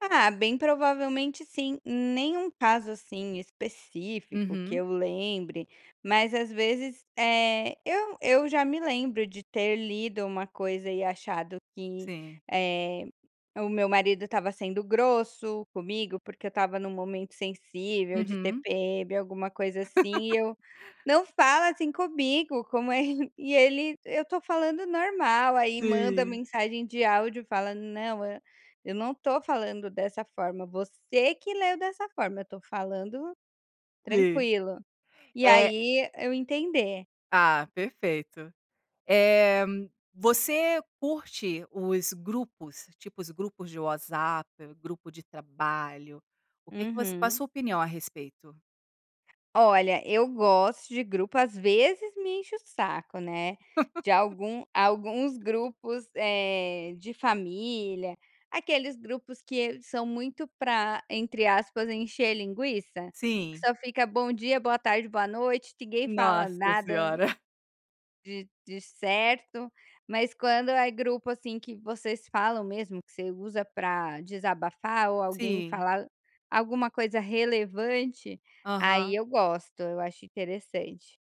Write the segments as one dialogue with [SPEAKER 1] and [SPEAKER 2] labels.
[SPEAKER 1] Ah, bem provavelmente, sim. Nenhum caso, assim, específico que
[SPEAKER 2] Uhum.
[SPEAKER 1] eu lembre, mas, às vezes, eh, eu eu já me lembro de ter lido uma coisa e achado que,
[SPEAKER 2] Sim.
[SPEAKER 1] eh, o meu marido estava sendo grosso comigo, porque eu estava num momento sensível, de
[SPEAKER 2] Uhum.
[SPEAKER 1] TPM, alguma coisa assim e eu: "Não fala assim comigo, como é", e ele: "Eu tô falando normal". Aí manda
[SPEAKER 2] Sim.
[SPEAKER 1] mensagem de áudio e fala: "Não, eu não tô falando dessa forma, você que leu dessa forma, eu tô falando
[SPEAKER 2] Sim,
[SPEAKER 1] tranquilo", e
[SPEAKER 2] é
[SPEAKER 1] aí eu entender.
[SPEAKER 2] Ah, perfeito. Eh, você curte os grupos, tipo, os grupos de WhatsApp, grupo de trabalho, o que que você qual a
[SPEAKER 1] Uhum.
[SPEAKER 2] sua opinião a respeito?
[SPEAKER 1] Olha, eu gosto de grupo, às vezes, me enche o saco, né, de algum alguns grupos, eh, de família, aqueles grupos que são muito pra, entre aspas, "encher linguiça", que
[SPEAKER 2] Sim.
[SPEAKER 1] só fica "bom dia", "boa tarde", "boa noite", ninguém fala
[SPEAKER 2] Nossa
[SPEAKER 1] nada
[SPEAKER 2] senhora.
[SPEAKER 1] de de certo. Mas quando é grupo, assim, que vocês falam mesmo, que você usa pra desabafar ou alguém
[SPEAKER 2] Sim.
[SPEAKER 1] falar alguma coisa relevante, aí
[SPEAKER 2] Aham.
[SPEAKER 1] eu gosto, eu acho interessante.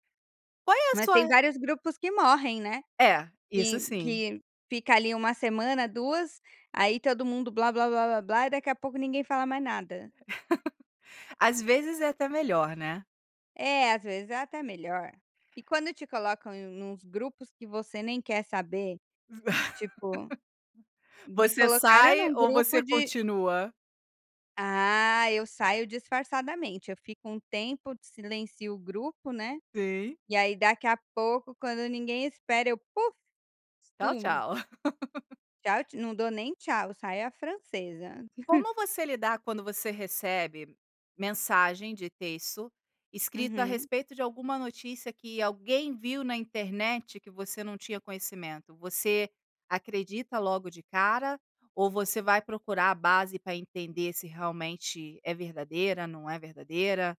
[SPEAKER 2] Qual é a
[SPEAKER 1] Mas tem
[SPEAKER 2] sua
[SPEAKER 1] vários grupos que morrem, né.
[SPEAKER 2] É, isso
[SPEAKER 1] Que
[SPEAKER 2] sim.
[SPEAKER 1] que fica ali 1 semana, 2, aí todo mundo "blá blá blá blá" e daqui a pouco ninguém fala mais nada.
[SPEAKER 2] Às vezes, é até melhor, né.
[SPEAKER 1] É, às vezes, é até melhor. E quando te colocam em em uns grupos que você nem quer saber, tipo, me
[SPEAKER 2] Você
[SPEAKER 1] colocaram
[SPEAKER 2] sai
[SPEAKER 1] num
[SPEAKER 2] ou
[SPEAKER 1] grupo
[SPEAKER 2] você
[SPEAKER 1] de
[SPEAKER 2] continua?
[SPEAKER 1] Ah, eu saio disfarçadamente. Eu fico um tempo, silencio o grupo, né,
[SPEAKER 2] Sim.
[SPEAKER 1] e aí, daqui a pouco, quando ninguém espera eu, puff,
[SPEAKER 2] Tchau,
[SPEAKER 1] sumo.
[SPEAKER 2] tchau.
[SPEAKER 1] Tchau não dou nem tchau, saio à francesa.
[SPEAKER 2] Como você lidar, quando você recebe mensagem de texto escrito a
[SPEAKER 1] Uhum.
[SPEAKER 2] respeito de alguma notícia que alguém viu na internet, que você não tinha conhecimento? Você acredita logo de cara ou você vai procurar a base pra entender se realmente é verdadeira, não é verdadeira?